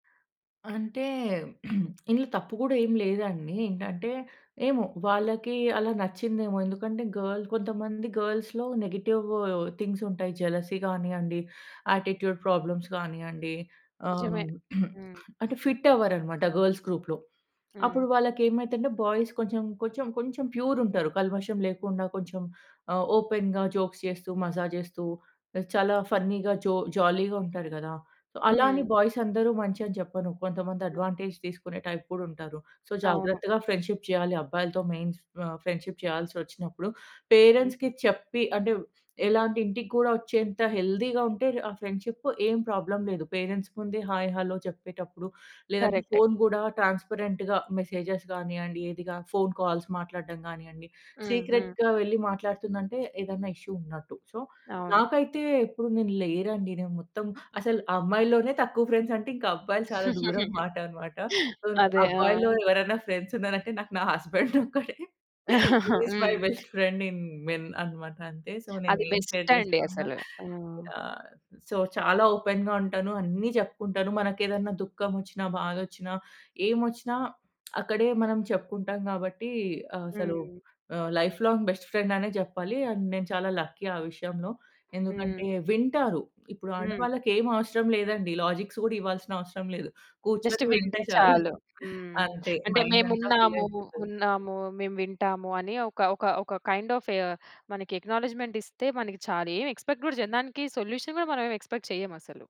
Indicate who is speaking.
Speaker 1: అంటే, ఇందులో తప్పు గూడా ఏం లేదండి ఏంటంటే, ఏమో వాళ్ళకి అలా నచ్చిందేమో ఎందుకంటే గర్ల్ కొంతమంది గర్ల్స్‌లో నెగెటివ్ థింగ్స్ ఉంటాయి. జెలసీ గానియ్యండి, యాటిట్యూడ్ ప్రాబ్లమ్స్ గానియ్యండి
Speaker 2: నిజమే.
Speaker 1: ఆహ్,
Speaker 2: హ్మ్.
Speaker 1: అంటే ఫిట్ అవ్వరనమాట గర్ల్స్ గ్రూప్‌లో.
Speaker 2: హ్మ్.
Speaker 1: అప్పుడు వాళ్ళకి ఏమైతంటే బాయ్స్ కొంచెం, కొంచెం కొంచెం ప్యూర్‌ ఉంటారు కల్మషం లేకుండా కొంచెం ఆహ్, ఓపెన్‌గా జోక్స్ చేస్తూ, మజా జేస్తూ చాలా ఫన్నీగా జో జాలీగా ఉంటారు గదా! అలా అని
Speaker 2: హ్మ్.
Speaker 1: బాయ్స్ అందరూ మంచి అని చెప్పను. కొంతమంది అడ్వాంటేజ్ తీసుకునే టైప్ కూడా ఉంటారు. సో
Speaker 2: అవును.
Speaker 1: జాగ్రత్తగా ఫ్రెండ్‌షిప్ చేయాలి అబ్బాయిలతో మెయిన్ ఫ్ ఆహ్, ఫ్రెండ్షిప్ చేయాల్సి వచ్చినప్పుడు.
Speaker 2: హ్మ్.
Speaker 1: పేరెంట్స్‌కి చెప్పి అంటే ఎలా అంటే ఇంటికి కూడా వచ్చేంత హెల్తీగా ఉంటే, ఆ ఫ్రెండ్షిప్ ఏం ప్రాబ్లమ్ లేదు. పేరెంట్స్ ముందే హాయ్, హలో చెప్పేటప్పుడు లేదంటే
Speaker 2: కరెక్టె.
Speaker 1: ఫోన్ గూడా ట్రాన్స్పరెంట్‌గా మెసేజెస్ గానియ్యండి ఏదిగా ఫోన్ కాల్స్ మాట్లాడడం గానియ్యండి.
Speaker 2: హుహు.
Speaker 1: సీక్రెట్‌గా వెళ్లి మాట్లాడుతుందంటే ఏదైనా ఇష్యూ ఉన్నట్టు. సో
Speaker 2: అవును.
Speaker 1: నాకైతే ఎప్పుడు నేను లేరండి నేను మొత్తం అసలు అమ్మాయిలోనే తక్కువ ఫ్రెండ్స్ అంటే, ఇంకా అబ్బాయిలు చాలా దూరం మాట అనమాట. సో
Speaker 2: అదే ఆ!
Speaker 1: అబ్బాయిలో ఎవరైనా ఫ్రెండ్స్ ఉన్నారు అంటే నాకు నా హస్బండ్ ఒక్కడే. He is my
Speaker 2: hmm.
Speaker 1: Best friend in men అనమాట. అంటే సో నేను
Speaker 2: అది
Speaker 1: ఏం షేర్
Speaker 2: బెస్ట్ అండి.
Speaker 1: జేసుకున్నా
Speaker 2: అసలు. ఆ!
Speaker 1: యాహ్! సో చాలా ఓపెన్‌గా ఉంటాను. అన్ని జెప్పుకుంటాను మనకెదైనా దుఃఖం వచ్చినా, బాధొచ్చినా, ఏం వచ్చినా అక్కడే మనం చెప్పుకుంటాం గాబట్టి ఆహ్, అసలు
Speaker 2: హ్మ్.
Speaker 1: ఆహ్, లైఫ్ లాంగ్ బెస్ట్ ఫ్రెండ్ అనే జెప్పాలి. అండ్ నేను చాలా లక్కీ ఆ విషయంలో
Speaker 2: హ్మ్.
Speaker 1: ఎందుకంటే వింటారు. ఇప్పుడు
Speaker 2: హ్మ్.
Speaker 1: ఆడవాళ్ళకి ఏం అవసరం లేదండి లాజిక్స్ కూడా ఇవ్వాల్సిన అవసరం లేదు.
Speaker 2: జస్ట్
Speaker 1: కూర్చొని వింటే
Speaker 2: వింటే
Speaker 1: చాలు
Speaker 2: చాలు హ్మ్.
Speaker 1: అంతే
Speaker 2: అంటే
Speaker 1: మైండ్
Speaker 2: మేము
Speaker 1: అంతా ఫుల్
Speaker 2: ఉన్నాము,
Speaker 1: అయిపోతది.
Speaker 2: ఉన్నాము మేము వింటాము అని ఒక ఒక ఒక కైండ్ ఆఫ్ మనకి అక్‌నాలెడ్జ్‌మెంట్ ఇస్తే మనకి చాలు. ఏమి ఎక్స్‌పెక్ట్ గూడా జేయం దానికి సొల్యూషన్ గూడా మనం ఏం ఎక్స్‌పెక్ట్ చెయ్యం అసలు.